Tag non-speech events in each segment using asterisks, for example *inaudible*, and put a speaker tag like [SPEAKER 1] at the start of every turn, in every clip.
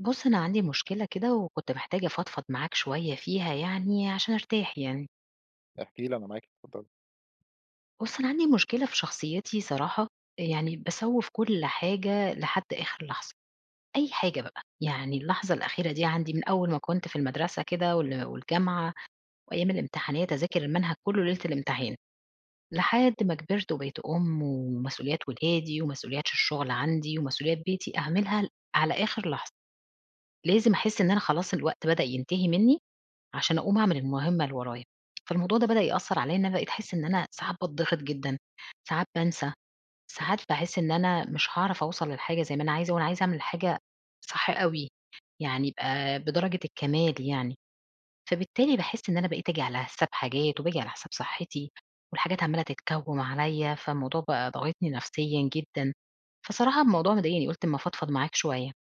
[SPEAKER 1] ُبص، أنا عندي مشكلة كده وكنت محتاجة أفضفض معاك شوية فيها يعني عشان أرتاح يعني.
[SPEAKER 2] احكِ لي أنا معاكِ، اتفضّلي.
[SPEAKER 1] بُص، أنا عندي مشكلة في شخصيتي صراحة. أ يعني باسوّف كل حاجة لحد آخر لحظة. أي حاجة بقى. يعني اللحظة الأخيرة دي عندي من أول ما كنت في المدرسة كده وال والجامعة وأيام الامتحانات أذاكر المنهج كُلّه ليلة الامتحان. لحد ما كبرت وبقيت أُم ومسؤوليات ولادي ومسؤوليات الشغل عندي ومسؤوليات بيتي أعملها ال على آخر لحظة. لازم أحس إن أنا خلاص الوقت بدأ ينتهي منّي عشان أقوم أعمل المهمة اللي ورايا. فالموضوع ده بدأ يأثّر عليّا إن بقيت أحس إن أنا ساعات باتضِغط جدًا، ساعات بانسى، ساعات باحس إن أنا مش هاعرف أوصل للحاجة زي ما أنا عايزة، وأنا عايزة أعمل حاجة صح أوي. يعني يبقى بدرجة الكَمال يعني. فبالتالي باحس إن أنا بقيت أجي على حساب حاجات وباجي على حساب صحتي. والحاجات عمّالة تتكوّم عليّا، فالموضوع بقى ضاغطني نفسيًا جدًا. فصراحة الموضوع مضايقني قُلت أمّا أفضفض معاك شوية.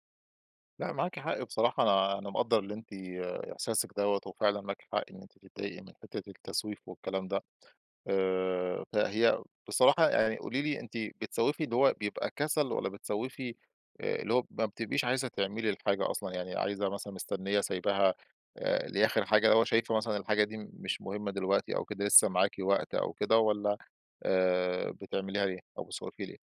[SPEAKER 2] لأ معاكِ حق بصراحة، أنا أنا مقدّر اللي أنتِ إحساسِك دوّة، وفعلًا معاكِ حق إن أنتِ تضايقي من حتة التسويف والكلام ده، آآ فهي بصراحة يعني قولي لي أنتِ بتسوفي اللي هو بيبقى كسل، والّا بتسوفي آآ اللي هو ما بتبقيش عايزة تعملي الحاجة أصلًا، يعني عايزة مثلًا مستنية سايبها آآ دي آخر حاجة، اللي هو شايفة مثلًا الحاجة دي مش مهمة دلوقتي أو كده، لسه معاكِ وقت أو كده، والّا آآ بتعمليها ليه أو بتسوفي ليه؟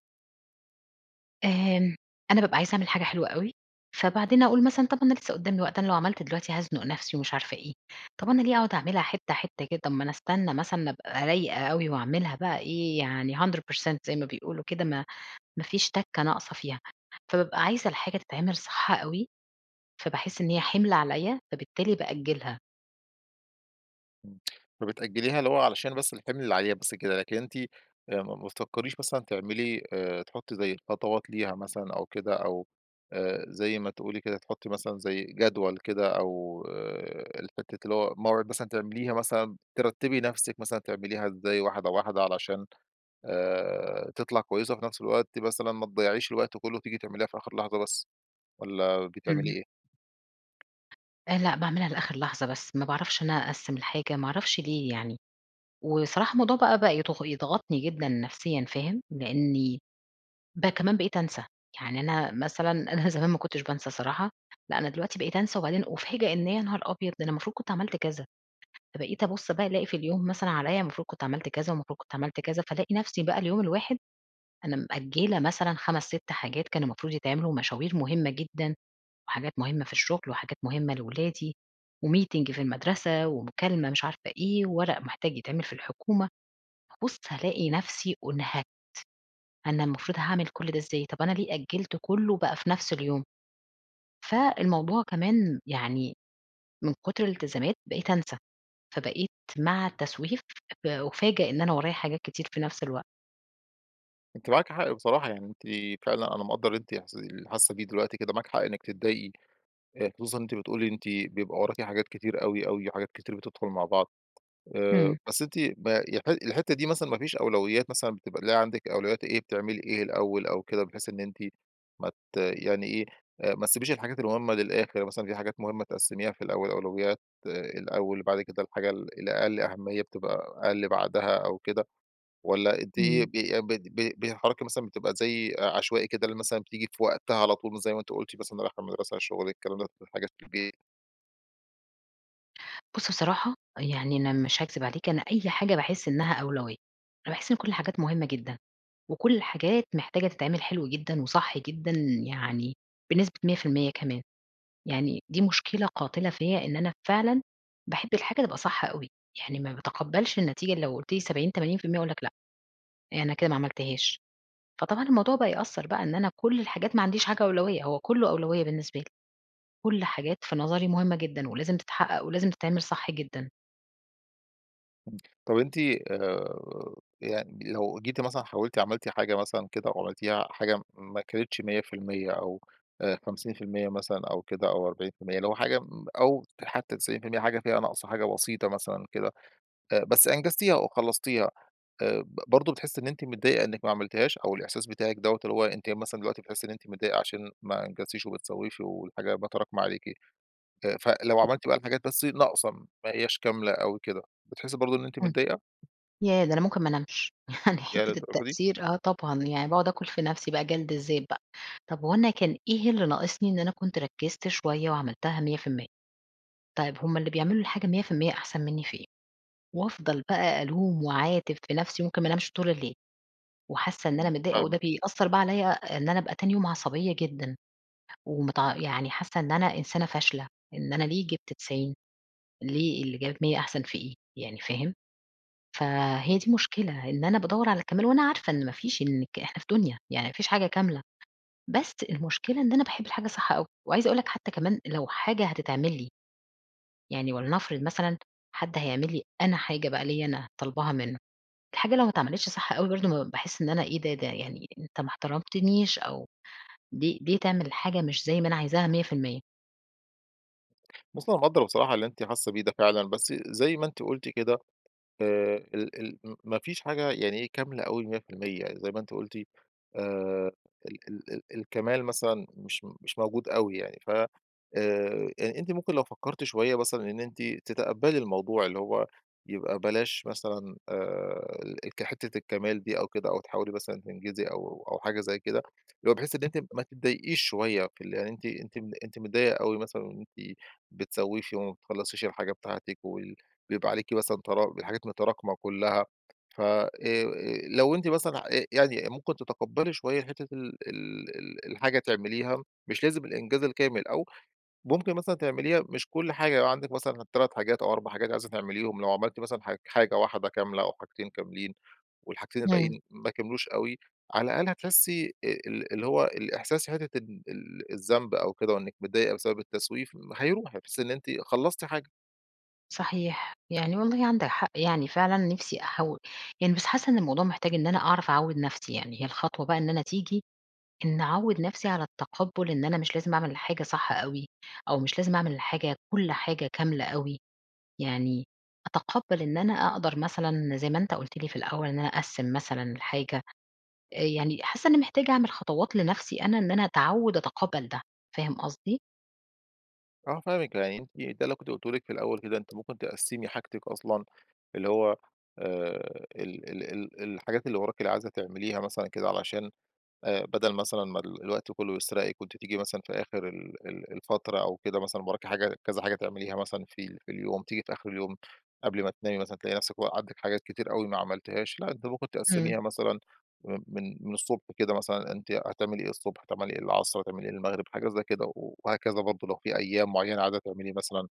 [SPEAKER 1] آمم أنا بابقى عايزة أعمل حاجة حلوة أوي، فبعدين أقول مثلًا طب أنا لسه قدّامي وقت، أنا لو عملت دلوقتي هازنق نفسي ومش عارفة إيه، طب أنا ليه أقعد أعملها حتة حتة كده، طب ما أنا أستنى مثلًا أبقى رايقة أوي وأعملها بقى إيه يعني 100% زي ما بيقولوا كده، ما ما فيش تَكة ناقصة فيها، فبابقى عايزة الحاجة تتعمل صح أوي، فباحس إن هي حِمل عليّا، فبالتالي بأجّلها.
[SPEAKER 2] إمم فبتأجّليها، اللي هو علشان بس الحِمل اللي عليها بس كده، لكن أنتِ آآ ما ما بتفكّريش مثلًا تعملي آآ تحطّي زي الخطوات ليها مثلًا أو كده، أو آآ زي ما تقولي كده تحطّي مثلًا زي جدول كده، أو آآ الفكرة اللي هو موعد مثلًا تعمليها مثلًا ترتبي نفسِك، مثلًا تعمليها إزاي واحدة واحدة، علشان آآ تطلع كويسة، وفي نفس الوقت مثلًا ما تضيّعيش الوقت كله، وتيجي تعمليها في آخر لحظة بس، والّا بتعملي
[SPEAKER 1] إمم.
[SPEAKER 2] إيه؟
[SPEAKER 1] آآ، لأ باعملها لآخر لحظة بس، ما باعرفش إن أنا أقسِّم الحاجة ما أعرفش ليه يعني، وصراحة الموضوع بقى بقى يض يضغطني جدًا نفسيًا فاهم؟ لأني بقى كمان بقيت أنسى، يعني أنا مثلًا أنا زمان ما كُنتش بانسى الصراحة، لأ أنا دلوقتي بقيت أنسى، وبعدين أُفاجأ إن يا نهار أبيض! أنا المفروض كنت عملت كذا، فبقيت أبص بقى ألاقي في اليوم مثلًا عليّا المفروض كنت عملت كذا، والمفروض كنت عملت كذا، فألاقي نفسي بقى اليوم الواحد أنا مأجلة مثلًا 5 6 حاجات كان المفروض يتعملوا، ومشاوير مهمة جدًا، وحاجات مهمة في الشغل، وحاجات مهمة لأولادي، وmeeting في المدرسة، ومكالمة مش عارفة إيه، ورق محتاج يتعمل في الحكومة، ابُص ألاقي نفسي أُنهكت، أنا المفروض هاعمل كل ده إزاي، طب أنا ليه أجلت كله بقى في نفس اليوم، فالموضوع كمان يعني من كُتر الالتزامات بقيت أنسى، فبقيت مع التسويف أُفاجأ إن أنا ورايا حاجات كتير في نفس الوقت.
[SPEAKER 2] أنتِ معاكِ حق بصراحة، يعني أنتِ فعلًا أنا مقدر اللي أنتِ إحس اللي حاسة بيه دلوقتي كده معاكِ حق إنِك تتضايقي، آآ خصوصًا أنتِ بتقولي إن أنتِ بيبقى وراكِ حاجات كتير أوي، أوي وحاجات كتير بتدخل مع بعض، آآ
[SPEAKER 1] إمم.
[SPEAKER 2] بس أنتِ ما يح الحتّة دي مثلًا ما فيش أولويات مثلًا، بتبقى اللي هي عندِك أولويات إيه، بتعملي إيه الأول، أو كده، بحيث إن أنتِ ما ت يعني إيه، ما تسيبيش الحاجات المهمة للآخر، مثلًا في حاجات مهمة تقسميها في الأول، أولويات آآ الأول، وبعد كده الحاجة ال الأقل أهمية بتبقى أقل بعدها، أو كده، والّا أنتِ
[SPEAKER 1] إمم.
[SPEAKER 2] ب بت ب بتتحركي مثلًا، بتبقى زي عشوائي كده اللي مثلًا، بتيجي في وقتها على طول، وزي ما أنتِ قُلتِ مثلًا رايحة المدرسة شُغلِك الكلام ده، حاجات في البيت
[SPEAKER 1] بُص بصراحة، يعني أنا مش هاكذب عليك، أنا أي حاجة باحس إنّها أولوية. باحس إن كل الحاجات مهمة جدًا. وكل الحاجات محتاجة تتعمل حلو جدًا وصح جدًا يعني بنسبة 100% كمان. يعني دي مشكلة قاتلة فيّا، إن أنا فعلًا باحب الحاجة تبقى صح أوي. يعني ما باتقبّلش النتيجة لو قُلت لي 70، 80% أقول لك لأ. يعني أنا كده ما عملتهاش. فطبعًا الموضوع بقى يأثّر بقى إن أنا كل الحاجات ما عنديش حاجة أولوية، هو كُلّه أولوية بالنسبه لي. كل حاجات في نظري مهمة جدًا ولازم تتحقق ولازم تتعمل صح جدًا.
[SPEAKER 2] طب أنتِ آآ يعني لو جيتِ مثلًا حاولتِ عملتِ حاجة مثلًا كده وعملتيها حاجة ما كانتش 100% أو أ 50% مثلًا أو كده أو 40% اللي هو حاجة مب أو حتّى 90% حاجة فيها ناقصة حاجة بسيطة مثلًا كده، أ بس أنجزتيها وخلّصتيها آآ ب برضه بتحسّي إن أنتِ متضايقة إنِّك ما عملتيهاش؟ أو الإحساس بتاعِك دوّة، اللي هو أنتِ مثلًا دلوقتي بتحسّي إن أنتِ متضايقة عشان ما أنجزتيش وبتسوّيش والحاجة بقى تراكمة عليكِ. آآ فلو عملتِ بقى الحاجات بس ناقصة م ما هيّاش كاملة أوي كده، بتحسّي برضه إن أنتِ
[SPEAKER 1] إمم.
[SPEAKER 2] متضايقة؟
[SPEAKER 1] ياه! ده أنا ممكن ما انامش. يعني
[SPEAKER 2] ياه
[SPEAKER 1] حتّة
[SPEAKER 2] للدرجة دي؟!
[SPEAKER 1] التأثير آه طبعًا. يعني باقعد آكُل في نفسي بقى جَلد الذات بقى. طب هو أنا كان إيه اللي ناقصني إن أنا كنت ركِّزت شوية وعملتها 100%؟ طيب، هم اللي بيعملوا الحاجة 100% أحسن منّي في إيه؟ وافضل بقى ألوم واعاتب في نفسي، ممكن ما أنامش طول الليل. وحاسّة إن أنا
[SPEAKER 2] إمم
[SPEAKER 1] متضايقة وده
[SPEAKER 2] فاهمِك.
[SPEAKER 1] بيأثّر بقى عليّا إن أنا أبقى تاني يوم عصبية جدًا. ومتع يعني حاسّة إن أنا إنسانة فاشلة. إن أنا ليه جِبت 90؟ ليه اللي جابت 100 أحسن في إيه؟ يعني فاهم؟ فهي
[SPEAKER 2] إمم.
[SPEAKER 1] دي المشكلة، إن أنا بادوّر على الكَمال وأنا عارفة إن ما فيش إنِك إحنا في دُنيا يعني ما فيش حاجة كاملة. بس المُشكلة إن أنا باحب الحاجة صح أوي. وعايزة أقول لك حتّى كمان لو حاجة هتتعمل لي يعني ولنفرض مثلًا حد هيعمل لي أنا حاجة بقى ليّا أنا طالباها منّه، الحاجة لو ما اتعملتش صح أوي برضه م باحس إن أنا إيه ده؟ ده يعني أنت ما احترمتنيش أو ليه ليه تعمل الحاجة مش زي ما أنا عايزاها 100%.؟
[SPEAKER 2] بُصّي، أنا مقدر بصراحة اللي أنتِ حاسّة بيه ده فعلًا، بس زي ما أنتِ قلتِ كده، آآ ال ال ما فيش حاجة يعني كاملة أوي 100%، زي ما أنتِ قلتِ. آآ ال ال ال الكمال مثلًا مش مش موجود أوي يعني. ف آآ، أ أنتِ ممكن لو فكرتِ شويّة مثلًا إن أنتِ تتقبلي الموضوع، اللي هو يبقى بلاش مثلًا آآ، ال ك حتّة الكمال دي أو كده، أو تحاولي مثلًا تنجزي أو أو حاجة زي كده، اللي هو بحيث إن أنتِ ما تضايقيش شويّة في ال يعني. أنتِ أنتِ م أنتِ متضايقة أوي مثلًا إن أنتِ بتسوفِي وما بتخلصيش الحاجة بتاعتِك، وي وبيبقى عليكِ مثلًا تر الحاجات متراكمة كلّها. ف آآ، لو أنتِ مثلًا آآ، يعني ممكن تتقبلي شويّة حتّة ال ال ال الحاجة تِعمليها مش لازم الإنجاز الكامل، أو ممكن مثلًا تِعمليها مش كل حاجة. لو عندِك مثلًا 3 حاجات أو 4 حاجات عايزة تِعمليهم، لو عملتِ مثلًا ح حاجة واحدة كاملة أو حاجتين كاملين، والحاجتين
[SPEAKER 1] امم.
[SPEAKER 2] الباقيين ما كملوش أوي، على الأقل هتحسّي آآ ال اللي هو الإحساس في حتّة ال ال الذنب أو كده، وإنِّك مِتضايقة بسبب التسويف، هيروح بحيث إن أنتِ خلصتِ حاجة.
[SPEAKER 1] صحيح. يعني والله عندك حق يعني فعلًا نفسي أحو يعني بس حاسّة إن الموضوع محتاج إن أنا أعرف أعوّد نفسي. يعني هي الخطوة بقى إن أنا تيجي إنّي أعوّد نفسي على التَقبُّل إن أنا مش لازم أعمل الحاجة صح أوي، أو مش لازم أعمل الحاجة كل حاجة كاملة أوي. يعني أتَقبّل إن أنا أقدر مثلًا زي ما أنت قُلت لي في الأول، إن أنا أقسّم مثلًا الحاجة. أ يعني حاسّة إنّي محتاجة أعمل خطوات لنفسي أنا، إن أنا أتعوّد أتَقبّل ده فاهم قصدي؟
[SPEAKER 2] آه فاهمِك. يعني أنتِ ده اللي كنت قلُته لِك في الأول كده. أنتِ ممكن تقسّمي حاجتِك أصلًا اللي هو آآ ال ال ال الحاجات اللي وراكِ اللي عايزة تعمليها مثلًا كده علشان أ بَدَل مثلًا ما ال الوقت كُلّه يسرقِك وأنتِ تيجي مثلًا في آخر ال ال الفترة أو كده مثلًا وراكِ حاجة كذا حاجة تعمليها مثلًا في ال في اليوم. تيجي في آخر اليوم قبل ما تنامي مثلًا، تلاقي نفسِك و عندِك حاجات كتير أوي ما عملتيهاش. لأ أنتِ ممكن
[SPEAKER 1] إمم.
[SPEAKER 2] تقسّميها مثلًا *unintelligible* من من الصبح كده مثلًا. أنتِ هتعملي إيه الصبح، هتعملي إيه العصر، هتعملي إيه المغرب؟ حاجة زي كده. و وهكذا برضه لو في أيام معّينة عايزة تعملي مثلًا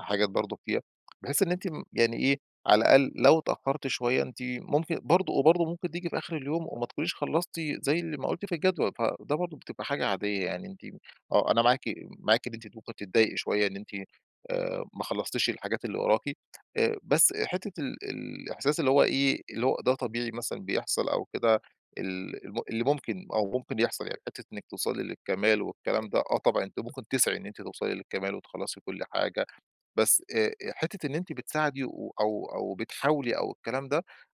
[SPEAKER 2] حاجات برضه فيها، بحيث إن أنتِ م يعني إيه، على الأقل لو اتأخّرتِ شوية أنتِ ممكن برضه وبرضه ممكن تيجي في آخر اليوم وما تكونيش خلصتِ زي اللي ما قُلتِ في الجدول. فده برضه بتبقى حاجة عادية. يعني أنتِ آه. أنا معاكِ معاكِ إن أنتِ ممكن تتضايقي شوية إن أنتِ آآ ما خلّصتيش الحاجات اللي وراكِ. آآ بس حتّة ال ال الإحساس اللي هو إيه، اللي هو ده طبيعي مثلًا بيحصل أو كده ال الم اللي ممكن أو ممكن يحصل يعني. حتّة إنِّك توصلي للكَمال والكلام ده آه طبعًا. أنتِ ممكن تسعي إن أنتِ توصلي للكَمال وتخلّصي كل حاجة. بس آآ أ حتّة إن أنتِ بتساعدي و أو أو بتحاولي أو الكلام ده،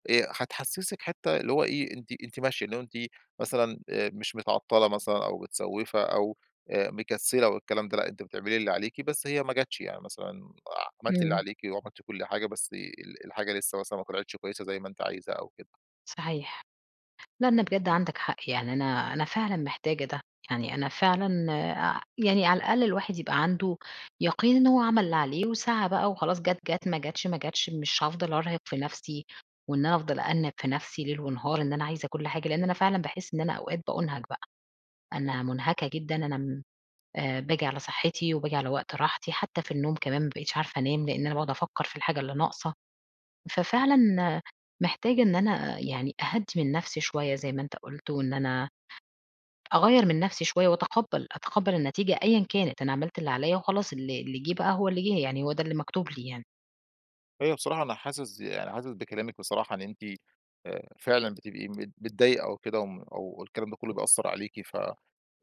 [SPEAKER 2] أ هتحسّسِك حتّة اللي هو إيه، أنتِ أنتِ ماشية. اللي هو أنتِ مثلًا آآ مش متعطّلة مثلًا أو متسوّفة أو آآ مكسّلة والكلام ده لأ. أنتِ بتعملي اللي عليكِ بس هي ما جاتش. يعني مثلًا عملتِ اللي
[SPEAKER 1] إمم.
[SPEAKER 2] عليكِ وعملتِ كل حاجة، بس ال الحاجة لسّه مثلًا ما طلعتش كويسة زي ما أنتِ عايزة أو كده.
[SPEAKER 1] صحيح. لأ أنا بجد عندك حق. يعني أنا أنا فعلًا محتاجة ده. يعني أنا فعلًا أ يعني على الأقل الواحد يبقى عنده يَقين إن هو عمل اللي عليه وسعى بقى وخلاص جات جات، ما جاتش ما جاتش. مش هافضل أرهق في نفسي، وإن أنا أفضل أأنِّب في نفسي ليل ونهار، إن أنا عايزة كل حاجة. لإن أنا فعلًا باحس إن أنا أوقات بأُنهَك بقى. أنا مُنهَكَة جدًا، أنا م أ باجي على صحّتي، وباجي على وقت راحتي. حتّى في النوم كمان ما بقيتش عارفة أنام لإن أنا باقعد أفكّر في الحاجة اللي ناقصة. ففعلًا محتاجة إن أنا يعني أهدّي من نفسي شوية زي ما أنت قُلت، وإن أنا أغيّر من نفسي شوية وأتقبّل أتقبّل النتيجة أيًا كانت. أنا عملت اللي عليّا وخلاص اللي اللي جِه بقى هو اللي جِه. يعني هو ده اللي مكتوب لي يعني.
[SPEAKER 2] أيوه بصراحة أنا حاسس يعني حاسس بكلامِك بصراحة، إن أنتِ أ فعلًا بتبقي مت متضايقة أو كده وم أو الكلام ده كُلّه بيأثّر عليكِ. ف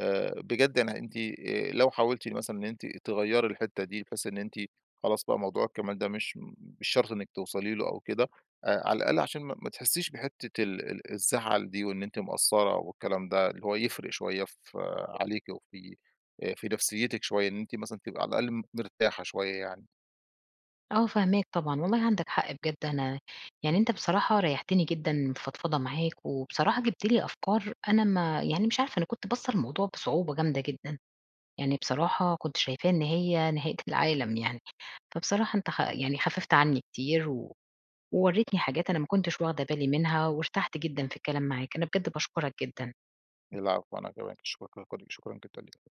[SPEAKER 2] آآ بجد يعني أنتِ أ لو حاولتِ مثلًا إن أنتِ تغيّري الحتّة دي، بحيث إن أنتِ خلاص بقى موضوع الكَمال ده مش م مش شرط إنِّك توصلي له أو كده أ على الأقل عشان ما ما تحّسيش بحتّة ال ال الزعل دي وإن أنتِ مقصّرة أو الكلام ده اللي هو يفرق شوية ف عليكِ وفي أ في نفسيّتِك شوية. إن أنتِ مثلًا تبقى على الأقل مرتاحة شوية يعني.
[SPEAKER 1] آه فاهماك طبعًا. والله عندك حق بجد أنا يعني أنت بصراحة ريّحتيني جدًا الفضفضة معاك، وبصراحة جِبت لي أفكار أنا ما يعني مش عارفة أنا كنت باصّة للموضوع بصعوبة جامدة جدًا. يعني بصراحة كنت شايفاه إن هي نهاية العالم يعني. فبصراحة أنت خ يعني خفّفت عنّي كتير و وورّيتني حاجات أنا ما كنتش واخدة بالي منها وارتحت جدًا في الكلام معاك. أنا بجد باشكُرك جدًا.
[SPEAKER 2] العفو أنا كمان. *unintelligible* ليكِ، شكرًا جدًا ليكِ.